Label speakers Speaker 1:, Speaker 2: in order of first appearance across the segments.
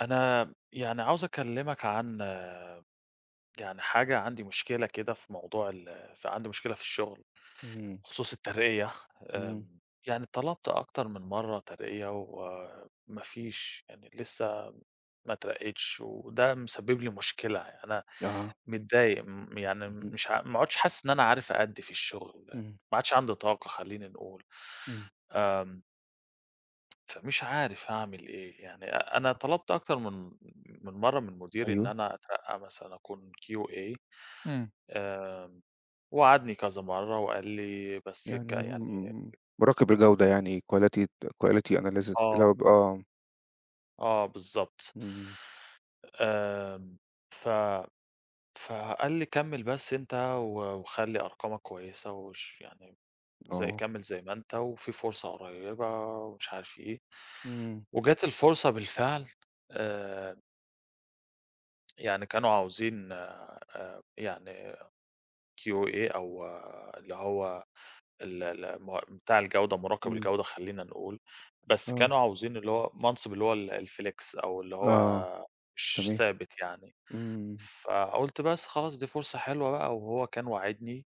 Speaker 1: أنا يعني عاوز أكلمك عن يعني حاجة عندي مشكلة كده في موضوع ال عندي مشكلة في الشغل،
Speaker 2: إمم.
Speaker 1: بخصوص الترقية،
Speaker 2: إمم.
Speaker 1: آآ، يعني طلبت أكتر من مرة ترقية، وما فيش يعني، لسه ما اترقيتش، وده مسبب لي مشكلة، أنا
Speaker 2: آه.
Speaker 1: متضايق، م يعني،
Speaker 2: اهم.
Speaker 1: مش ع ما عدتش حاسس إن أنا عارف أأدي في الشغل،
Speaker 2: إمم.
Speaker 1: ما عادش عندي طاقة، خليني نقول،
Speaker 2: إمم.
Speaker 1: آمم. فمش عارف أعمل إيه يعني، أ أنا طلبت أكتر من من مرة من مديري، إن
Speaker 2: أيوه.
Speaker 1: أنا أترقى مثلًا أكون QA،
Speaker 2: إمم.
Speaker 1: آآ، ووعدني كذا مرة، وقال لي، بس ك
Speaker 2: يعني
Speaker 1: يعني،
Speaker 2: م مراقب الجودة
Speaker 1: إمم.
Speaker 2: يعني quality quality analysis اللي هو
Speaker 1: آه.
Speaker 2: ب آه.
Speaker 1: آه، بالضبط.
Speaker 2: إمم
Speaker 1: آآ، ف فقال لي كمل بس أنت، و وخلي أرقامك كويسة، وش يعني زيّ
Speaker 2: آه.
Speaker 1: كمل زيّ ما أنت، وفي فرصة قريبة، ومش عارف إيه،
Speaker 2: إمم.
Speaker 1: وجات الفرصة بالفعل، آآ يعني كانوا عاوزين آآ، يعني QA، أو اللي هو ال ال م بتاع الجودة، مراقب
Speaker 2: إمم.
Speaker 1: الجودة خلينا نقول. بس
Speaker 2: آه.
Speaker 1: كانوا عاوزين اللي هو منصب اللي هو ال الflex، أو اللي
Speaker 2: آه،
Speaker 1: هو مش
Speaker 2: تمام،
Speaker 1: ثابت يعني.
Speaker 2: إمم.
Speaker 1: فقُلت بس خلاص دي فرصة حلوة بقى، وهو كان واعدني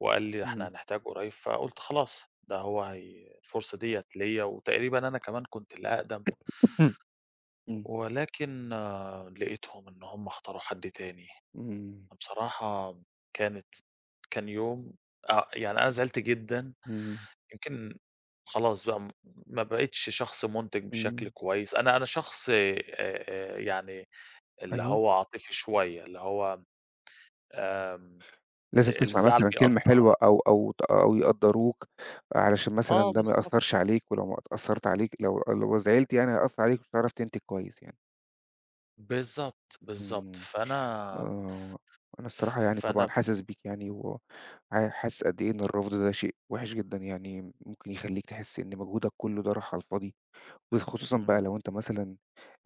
Speaker 1: وقال لي: "ده إحنا
Speaker 2: إمم.
Speaker 1: هنحتاج قريب." فقُلت خلاص، ده هو هي الفرصة ديّة ليا، وتقريبًا أنا كمان كنت الأقدم.
Speaker 2: إمم.
Speaker 1: ولكن لقيتهم إن هُم اختاروا حد تاني،
Speaker 2: إمم.
Speaker 1: فبصراحة كانت كان يوم آآ يعني، أنا زعلت جدًا،
Speaker 2: إمم.
Speaker 1: يمكن خلاص بقى ما بقتش شخص منتج بشكل
Speaker 2: إمم.
Speaker 1: كويس، أنا أنا شخص آآ آآ يعني اللي
Speaker 2: أيوه.
Speaker 1: هو عاطفي شوية، اللي هو آمم،
Speaker 2: لازم تسمع
Speaker 1: الزعل
Speaker 2: مثلًا كلمة
Speaker 1: بيأثر على
Speaker 2: حلوة أو أو ت أو يقدّروك، علشان مثلًا
Speaker 1: آه،
Speaker 2: ده ما
Speaker 1: بالضبط.
Speaker 2: يأثرش عليك. ولو ما تأثرت عليك لو لو زعلت يعني، هيأثر عليك، مش هتعرف تنتج كويس يعني.
Speaker 1: بالضبط،
Speaker 2: إمم،
Speaker 1: بالضبط.
Speaker 2: امم،
Speaker 1: فأنا
Speaker 2: آه، أنا الصراحة يعني طبعًا
Speaker 1: فأنا
Speaker 2: حاسس بيك يعني، وح حاسس قد إيه إن الرفض ده شيء وحِش جدًا يعني، ممكن يخليك تحس إن مجهودك كله ده راح على الفاضي. وخصوصًا بقى
Speaker 1: إمم.
Speaker 2: لو أنت مثلًا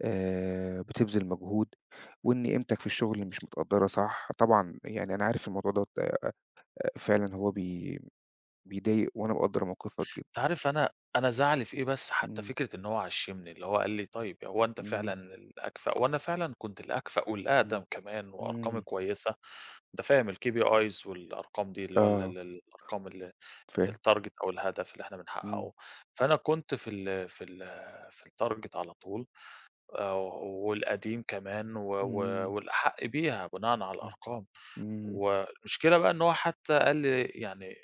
Speaker 2: آآ بتبذل مجهود، وإن قيمتك في الشغل مش متقدرة صح. طبعًا يعني أنا عارف إن الموضوع ده آآ فعلًا هو بي بيضايق، وأنا مقدّر موقفك جدًا.
Speaker 1: أنت عارف، أنا أنا زعلي في إيه بس؟ حتى
Speaker 2: إمم.
Speaker 1: فكرة إن هو عشّمني، اللي هو قال لي: "طيب، هو أنت فعلًا
Speaker 2: إمم.
Speaker 1: الأكفأ." وأنا فعلًا كنت الأكفأ
Speaker 2: إمم،
Speaker 1: والأقدم كمان، وأرقامي
Speaker 2: إمم.
Speaker 1: كويسة، أنت فاهم الKPIs والأرقام دي، اللي هو ال
Speaker 2: آه.
Speaker 1: ال الأرقام ال
Speaker 2: فاهم.
Speaker 1: الtarget أو الهدف اللي إحنا
Speaker 2: إمم.
Speaker 1: بنحققه. فأنا كنت في ال في ال في الtarget على طول، آآ والقديم كمان، و و
Speaker 2: إمم.
Speaker 1: والأحق بيها بناءً على
Speaker 2: إمم،
Speaker 1: الأرقام.
Speaker 2: إمم.
Speaker 1: والمشكلة بقى إن هو حتى قال لي يعني،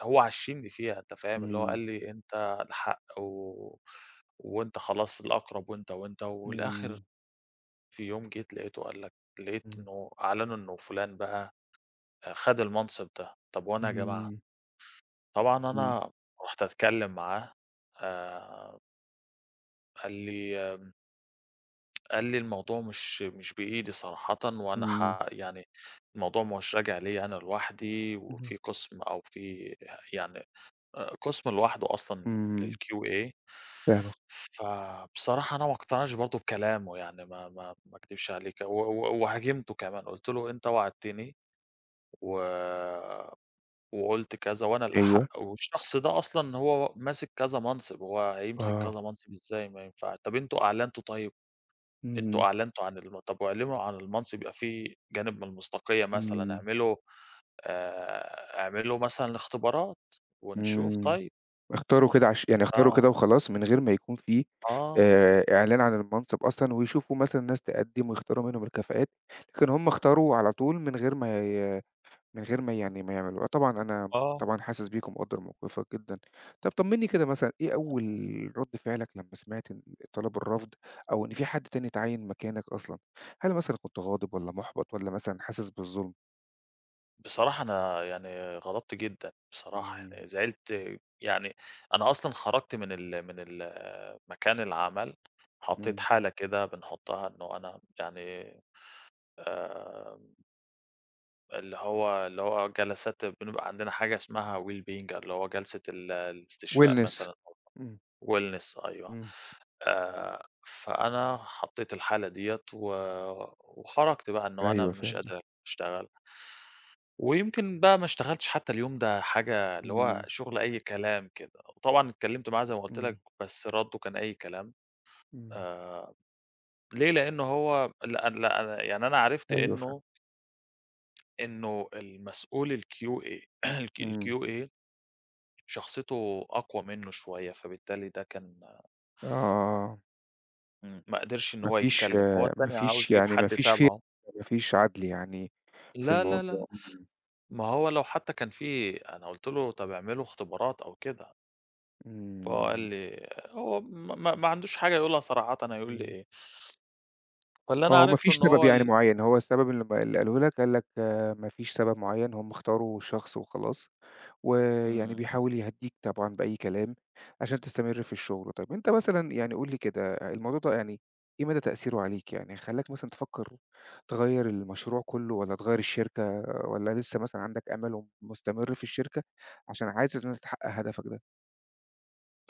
Speaker 1: هو عشّمني فيها، أنت فاهم؟ اللي هو
Speaker 2: إمم.
Speaker 1: قال لي: "أنت الأحق، و و وأنت خلاص الأقرب، وأنت وأنت." والآخر
Speaker 2: إمم.
Speaker 1: في يوم جيت لاقيته قال لك، لقيت
Speaker 2: إمم.
Speaker 1: إنه أعلنوا إنه فُلان بقى آآ، خد المنصب ده. طَب وأنا يا جماعة؟
Speaker 2: إمم.
Speaker 1: طبعًا
Speaker 2: إمم.
Speaker 1: أنا رُحت أتكلم معاه آآ قال لي آمم قال لي الموضوع مش مش بإيدي صراحةً، وأنا
Speaker 2: إمم.
Speaker 1: ح يعني الموضوع مش راجع ليّا أنا لوحدي، وفي
Speaker 2: اهم.
Speaker 1: قسم، أو في يعني، آآ قسم لوحده أصلًا
Speaker 2: إمم.
Speaker 1: للQA
Speaker 2: فاهمك.
Speaker 1: فبصراحة أنا ما اقتنعش برضه بكلامه، يعني ما ما ما أكدبش عليكِ. و و وهاجمته كمان، قُلت له: "أنت وعدتني، و وقُلت كذا، وأنا
Speaker 2: أيوه.
Speaker 1: الأحق، والشخص ده أصلًا هو ماسك كذا منصب، هو هيمسك
Speaker 2: آه.
Speaker 1: كذا منصب إزاي؟ ما ينفعش طَب أنتم أعلنتم طيب، أنتم
Speaker 2: إمم.
Speaker 1: أعلنتم عن الم طَب اعلنوا عن المنصب يبقى في جانب من المصداقية مثلًا،
Speaker 2: إمم.
Speaker 1: اعملوا آآ اعملوا مثلًا الاختبارات، ونشوف
Speaker 2: إمم.
Speaker 1: طيّب."
Speaker 2: اختاروا كده عش يعني اختاروا
Speaker 1: آه.
Speaker 2: كده وخلاص من غير ما يكون في
Speaker 1: آه.
Speaker 2: آآ إعلان عن المنصب أصلًا، ويشوفوا مثلًا ناس تقدم ويختاروا منهم الكفاءات، لكن هُم اختاروا على طول من غير ما ي من غير ما يعني ما يعملوها، طبعًا أنا
Speaker 1: آه.
Speaker 2: طبعًا حاسس بيك ومقدّر موقفك جدًا. طَب طمّني كده مثلًا، إيه
Speaker 1: امم.
Speaker 2: أول رد فعلك لمّا سمعت إن طلب الرفض، أو إن فيه حد تاني اتعيّن مكانك أصلًا؟ هل مثلًا كنت غاضب والّا محبط والّا مثلًا حاسس بالظلم؟
Speaker 1: بصراحة أنا يعني غضبت جدًا، بصراحة،
Speaker 2: امم.
Speaker 1: يعني زعلت. يعني أنا أصلًا خرجت من ال من ال مكان العمل حطيت
Speaker 2: امم.
Speaker 1: حالة كده بنحطها إنه أنا يعني آمم اللي هو اللي هو جلسات، بنبقى عندنا حاجة اسمها wellbeing، اللي هو جلسة ال الاستشفاء
Speaker 2: wellness،
Speaker 1: مثلًا، أو
Speaker 2: امم.
Speaker 1: wellness، أيوه.
Speaker 2: امم.
Speaker 1: آآ فأنا حطيت الحالة ديّة، و وخرجت بقى إنه أنا
Speaker 2: أيوه،
Speaker 1: مش
Speaker 2: فهمتَك.
Speaker 1: قادر أشتغل. ويمكن بقى ما اشتغلتش حتى اليوم ده حاجة، اللي هو
Speaker 2: امم.
Speaker 1: شغل أي كلام كده. طبعًا اتكلمت معاه- زي ما قُلت
Speaker 2: امم.
Speaker 1: لَك- بس رده كان أي كلام،
Speaker 2: امم.
Speaker 1: آآ ليه، لأنه هو لأ، لأ، يعني أنا عرفت
Speaker 2: أيوه، فهمت.
Speaker 1: إنه إنه المسؤول الQA ال
Speaker 2: امم.
Speaker 1: الQA شخصيته أقوى منه شوية، فبالتالي ده كان
Speaker 2: آه.
Speaker 1: امم، ما قدرش إن
Speaker 2: ما
Speaker 1: هو
Speaker 2: فيش
Speaker 1: يتكلم، هو
Speaker 2: ما
Speaker 1: التاني عاوز
Speaker 2: فيش
Speaker 1: يجيب
Speaker 2: يعني ما
Speaker 1: حد
Speaker 2: فيش fair
Speaker 1: تَبعه.
Speaker 2: ما فيش عدل يعني في
Speaker 1: لا، لا، لا،
Speaker 2: الموضوع، امم.
Speaker 1: ما هو لو حتى كان في أنا قُلت له طَب اعملوا اختبارات أو كده. فهو قال
Speaker 2: إمم.
Speaker 1: لي آآ هو م ما ما عندوش حاجة يقولها صراحةً، هيقول لي
Speaker 2: إمم.
Speaker 1: إيه؟ فاللي أنا
Speaker 2: آه، وما
Speaker 1: عرفته
Speaker 2: فيش
Speaker 1: إن
Speaker 2: سبب
Speaker 1: هو
Speaker 2: يعني
Speaker 1: ال
Speaker 2: معيّن، هو السبب اللي اللي قاله لك، قال لك آآ ما فيش سبب معيّن، هُم اختاروا شخص وخلاص. ويعني
Speaker 1: إمم.
Speaker 2: بيحاول يهدّيك طبعًا بأي كلام عشان تستمر في الشغل. طَب انت مثلًا يعني قُل لي كده، الموضوع ده يعني إيه مدى تأثيره عليك؟ يعني خلاك مثلًا تفكر تغير المشروع كله، والّا تغير الشركة، والّا لسه مثلًا عندك أمل ومستمر في الشركة عشان عايز إن أنت تحقق هدفك ده؟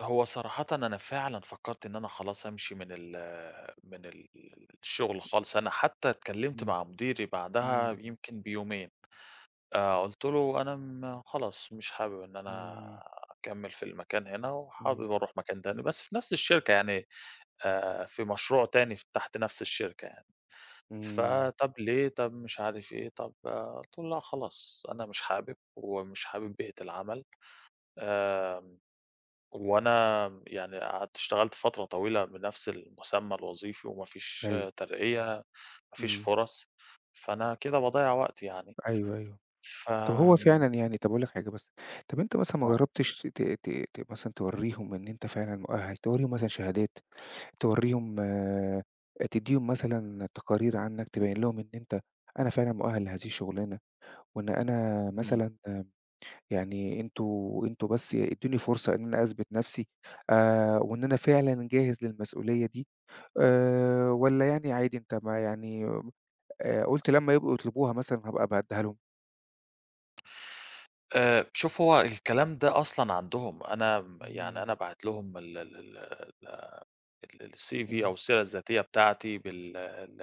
Speaker 1: هو صراحةً، أنا فعلًا فكرت إن أنا خلاص أمشي من ال من ال الشغل خالص. أنا حتى اتكلمت
Speaker 2: إمم
Speaker 1: مع مديري بعدها
Speaker 2: إمم.
Speaker 1: يمكن بيومين، آآ، قلت له: "أنا م خلاص مش حابب إن أنا
Speaker 2: إمم.
Speaker 1: أكمل في المكان هنا،
Speaker 2: إمم.
Speaker 1: وحابب أروح مكان تاني." بس في نفس الشركة يعني، آآ في مشروع تاني تحت نفس الشركة يعني.
Speaker 2: إمم.
Speaker 1: فطَب ليه؟ طَب مش عارف إيه، طَب آآ قلت له: "لأ خلاص، أنا مش حابب، ومش حابب بيئة العمل." آمم، وأنا يعني قعدت اشتغلت فترة طويلة بنفس المسمى الوظيفي، ومفيش
Speaker 2: أيوه.
Speaker 1: ترقية، مفيش
Speaker 2: إمم.
Speaker 1: فرص، فأنا كده باضيّع وقتي يعني،
Speaker 2: أيوه، أيوه،
Speaker 1: ف
Speaker 2: طَب هو فعلًا يعني طَب أقول لك حاجة بس، طَب أنت مثلًا ما
Speaker 1: آه.
Speaker 2: جربتش ت ت ت مثلًا توريهم إن أنت فعلًا مؤهل؟ توريهم مثلًا شهادات، توريهم تديهم مثلًا تقارير عنك، تبين لهُم إن أنت، أنا فعلًا مؤهل لهذه الشغلانة، وإن أنا
Speaker 1: إمم.
Speaker 2: مثلًا آآ يعني انتم انتم بس ادوني فرصة إن أنا أثبت نفسي، آآ وإن أنا فعلًا جاهز للمسئولية دي. آآ والّا يعني عادي أنت، ما يعني آآ قلت لما يبقوا يطلبوها مثلًا هابقى أبقى أديها لهُم؟
Speaker 1: آآ، شوف هو الكلام ده أصلًا عندهُم، أنا يعني
Speaker 2: امم.
Speaker 1: أنا باعت لهُم ال ال ال ال الCV أو
Speaker 2: امم.
Speaker 1: السيرة الذاتية بتاعتي بال ال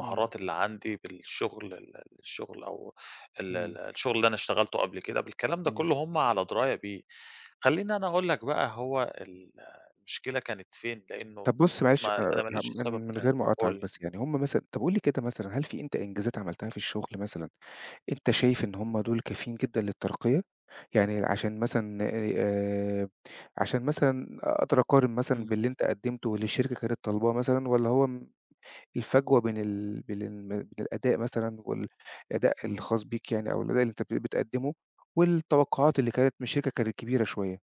Speaker 2: امم.
Speaker 1: اللي عندي بالشُغل ال ال الشُغل أو ال ال
Speaker 2: امم.
Speaker 1: الشُغل اللي أنا اشتغلته قبل كده، بالكلام ده
Speaker 2: امم.
Speaker 1: كله هُم على دِراية بيه. خلّيني أنا أقول لك بقى هو المُشكلة كانت فين، لإنه
Speaker 2: طَب بُص معلش
Speaker 1: ما
Speaker 2: آآ
Speaker 1: أنا ما
Speaker 2: يعني
Speaker 1: لقيتش
Speaker 2: مِن
Speaker 1: سبب
Speaker 2: ِمن
Speaker 1: تاني
Speaker 2: غير ما
Speaker 1: قُل
Speaker 2: أقاطعك
Speaker 1: لي.
Speaker 2: بس، يعني هُم مثلًا طَب قُل لي كده مثلًا، هل في أنت إنجازات عملتها في الشُغل مثلًا، أنت شايف إن هُم دُول كافيين جدًا للترقية؟ يعني عشان مثلًا اي آآ عشان مثلًا أقدر أقارن مثلًا
Speaker 1: امم.
Speaker 2: باللي أنت قدّمته، واللي الشركة كانت طلباه مثلًا، والّا هو م الفجوة بين ال بين ال بين الأداء مثلًا وال الأداء
Speaker 1: إمم.
Speaker 2: الخاص بيك يعني، أو الأداء اللي أنت بت بتقدّمه، والتوقعات اللي كانت مِن الشركة كانت كبيرة شوية؟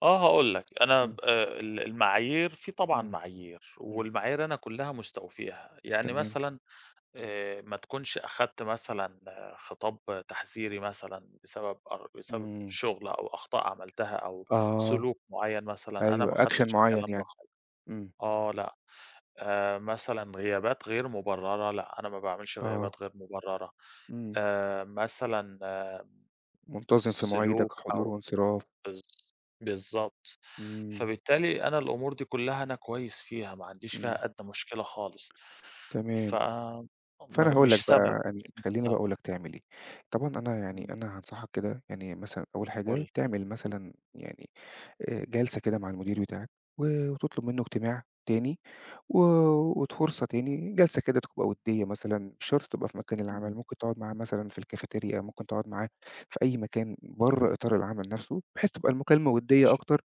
Speaker 1: آه هاقول لك، أنا
Speaker 2: امم.
Speaker 1: ب آآ ال المعايير، في طبعًا
Speaker 2: امم.
Speaker 1: معايير،
Speaker 2: امم.
Speaker 1: والمعايير أنا كُلّها مُستوفيها. يعني
Speaker 2: تمام.
Speaker 1: مثلًا آآ ما تكونش أخدت مثلًا خِطاب تحذيري مثلًا بسبب أر بسبب
Speaker 2: امم.
Speaker 1: شُغل أو أخطاء عملتها أو
Speaker 2: آه.
Speaker 1: سلوك مُعَيّن مثلًا، أنا
Speaker 2: أيوه،
Speaker 1: ما
Speaker 2: action
Speaker 1: خدتش
Speaker 2: مُعين
Speaker 1: الكلام ده
Speaker 2: يعني.
Speaker 1: خالص
Speaker 2: إمم.
Speaker 1: آه، لأ. آآ مثلًا غيابات غير مُبررَة، لأ أنا ما باعملش
Speaker 2: آه.
Speaker 1: غيابات غير مُبررَة،
Speaker 2: إمم.
Speaker 1: آآ مثلًا
Speaker 2: مُنتَظم في مواعيدك.
Speaker 1: سلوك
Speaker 2: حضور
Speaker 1: أو
Speaker 2: وانصراف.
Speaker 1: بالض بالضبط.
Speaker 2: امم.
Speaker 1: فبالتالي أنا الأمور دي كلها أنا كويس فيها، ما عنديش
Speaker 2: امم.
Speaker 1: فيها أدنى مُشكلة خالص. ف
Speaker 2: تمام. فأنا
Speaker 1: م
Speaker 2: هاقول
Speaker 1: مش
Speaker 2: لك
Speaker 1: سبب،
Speaker 2: بقى، يعني
Speaker 1: مش
Speaker 2: خلّيني بقى أقول
Speaker 1: سبب.
Speaker 2: لك تعمل إيه. طبعًا أنا يعني،
Speaker 1: إمم.
Speaker 2: أنا هانصحك كده، يعني مثلًا أول
Speaker 1: قُل
Speaker 2: حاجة
Speaker 1: لي.
Speaker 2: تعمل مثلًا يعني آآ جَلسة كده مع المدير بتاعك، و وتُطلب منه اجتماع تاني، و وت فرصة تاني، جَلسة كده تبقى ودّية مثلًا، مش شرط تبقى في مكان العمل،
Speaker 1: إمم.
Speaker 2: ممكن تقعد معاه مثلًا في الكافتيريا، ممكن تقعد معاه في أي مكان برّه إطار العمل نفسه، بحيث تبقى المكالمة ودّية
Speaker 1: ماشي.
Speaker 2: أكتر،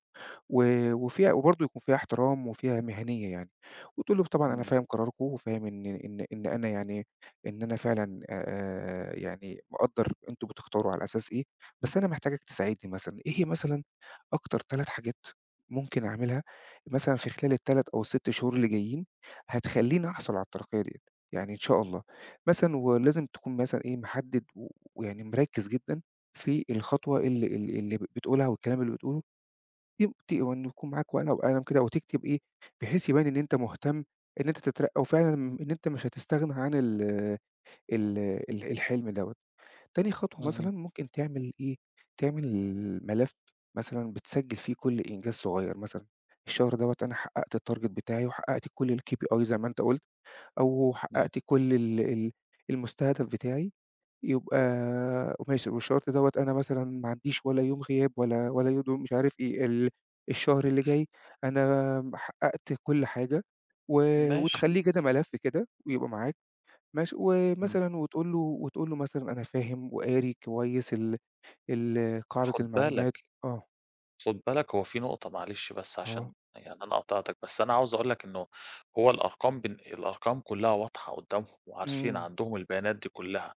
Speaker 2: و وفيها وبرضو يكون فيها احترام وفيها مهنيّة يعني. وتقول له طبعًا أنا
Speaker 1: إمم.
Speaker 2: فاهم قراركُم، وفاهم إن إن إن أنا يعني، إن أنا فعلًا آآ يعني مقدّر أنتم بتختاروا على أساس إيه، بس أنا محتاجك تساعدني مثلًا. إيه مثلًا أكتر 3 حاجات ممكن أعملها مثلًا في خلال 3 أو ال6 شهور اللي جايين، هتخليني أحصل على الترقية ديّة؟ يعني إن شاء الله. مثلًا ولازم تكون مثلًا إيه محدد و ويعني مركّز جدًا في الخطوة اللي اللي اللي ب بتقولها، أو الكلام اللي بتقوله. يم ت وإن يكون معاك ورقة وقلم كده، وتكتب إيه، بحيث يبان إن أنت مُهتم إن أنت تترقى، وفعلًا إن أنت مش هتستغنى عن ال ال الحلم دوًة. تاني خطوة
Speaker 1: اهم.
Speaker 2: مثلًا ممكن تعمل إيه، تعمل ال ملف مثلًا بتسجّل فيه كل إنجاز صُغير، مثلًا، الشهر دوّة أنا حققت الtarget بتاعي، وحققت كُل الKPI زي ما أنت قُلت، أو
Speaker 1: امم.
Speaker 2: حققت كُل ال ال المُستهدَف بتاعي، يُبقى ماشي، والشرط دوّة أنا مثلًا ما عنديش ولا يوم غياب، ولا، ولا يوم مش عارف إيه. ال الشهر اللي جاي أنا ما حققت كُل حاجة، و
Speaker 1: ماشي.
Speaker 2: وتخليه كده ملف كده، ويبقى معاك. ماشي؟
Speaker 1: امم.
Speaker 2: ومثلًا، وتقول له، وتقول له مثلًا أنا فاهم وقاري كويس ال ال قاعدة
Speaker 1: خُد بالك
Speaker 2: المعلومات آه.
Speaker 1: خُد بالك هو في نقطة معلش بس عشان
Speaker 2: آه.
Speaker 1: يعني أنا قاطعتك، بس أنا عاوز أقول لك إنه هو الأرقام بالن الأرقام كُلّها واضحة قُدامهُم وعارفين
Speaker 2: إمم.
Speaker 1: عندهُم البيانات دي كلها.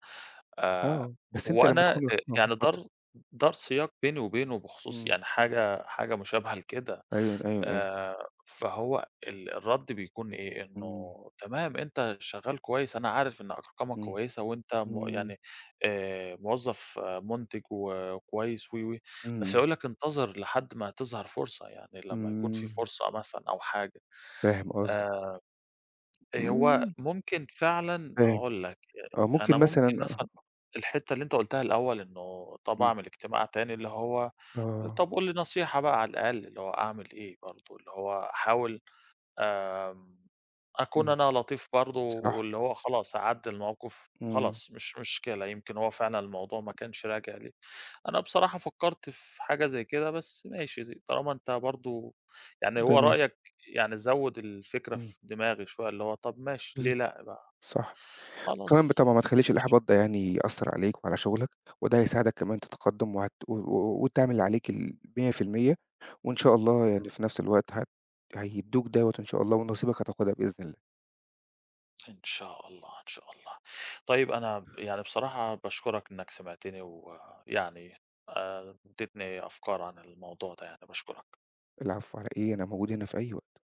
Speaker 1: آآ
Speaker 2: آه، بس أنت لمّا
Speaker 1: وأنا إ
Speaker 2: تكون واخد آه
Speaker 1: يعني
Speaker 2: اتفضل.
Speaker 1: دار دار سياق بيني وبينه بخصوص
Speaker 2: امم.
Speaker 1: يعني حاجة، حاجة مُشابهة لكده.
Speaker 2: أيوًا، أيوًا، أيوًا.
Speaker 1: آآ فهو ال الرد بيكون إيه؟ إنه
Speaker 2: إمم.
Speaker 1: تمام أنت شغّال كويس، أنا عارف إن أرقامك
Speaker 2: إمم.
Speaker 1: كويسة، وأنت مُ
Speaker 2: إمم.
Speaker 1: يعني آآ موظف مُنتج وكويس و و بس
Speaker 2: إمم.
Speaker 1: هيقول لك انتظر لحد ما تظهر فرصة. يعني لمّا يكون في
Speaker 2: إمم.
Speaker 1: فرصة مثلًا أو حاجة.
Speaker 2: فاهم قصدك.
Speaker 1: آآ آآ هو
Speaker 2: إمم.
Speaker 1: ممكن فعلًا،
Speaker 2: فاهم.
Speaker 1: هاقول لك
Speaker 2: آه
Speaker 1: أ أنا
Speaker 2: ممكن مثلًا
Speaker 1: ممكن مثلًا
Speaker 2: آه
Speaker 1: الحتّة اللي أنت قُلتها الأول إنه طَب
Speaker 2: امم.
Speaker 1: أعمل اجتماع تاني اللي هو
Speaker 2: آه.
Speaker 1: "طَب قُل لي نصيحة بقى على الأقل، اللي هو أعمل إيه برضو؟" اللي هو أحاول آمم أكون
Speaker 2: امم.
Speaker 1: أنا لطيف برضو،
Speaker 2: صح.
Speaker 1: واللي هو خلاص أعَدّي المَوقِف،
Speaker 2: إمم.
Speaker 1: خلاص مش مشكلة، يمكن هو فعلًا الموضوع ما كانش راجع لي. أنا بصراحة فكّرت في حاجة زي كده، بس ماشي ز طالما أنت برضو يعني هو
Speaker 2: تمام.
Speaker 1: رأيَّك يعني زوّد الفكرة
Speaker 2: امم.
Speaker 1: في دماغي شوية، اللي هو طَب ماشي،
Speaker 2: بالض
Speaker 1: ليه لأ بقى؟
Speaker 2: صح. كمان
Speaker 1: خلاص.
Speaker 2: بالطبع ما تخليش
Speaker 1: ماشي.
Speaker 2: الإحباط ده يعني يأثّر عليك وعلى شُغلك، وده هيساعدك كمان تتقدم وهتقو وت وتعمل اللي عليك ال100%. وإن شاء الله يعني
Speaker 1: إمم.
Speaker 2: في نفس الوقت هت هيدّوك دوّة إن شاء الله، ونصيبك هتاخدها بإذن الله.
Speaker 1: إن شاء الله، إن شاء الله. طيب أنا ب يعني بصراحة باشكرك إنّك سمِعتني، ويعني آآ اديتني أفكار عن الموضوع ده يعني، باشكرك.
Speaker 2: العفو، على إيه؟ أنا موجود هنا في أي وقت.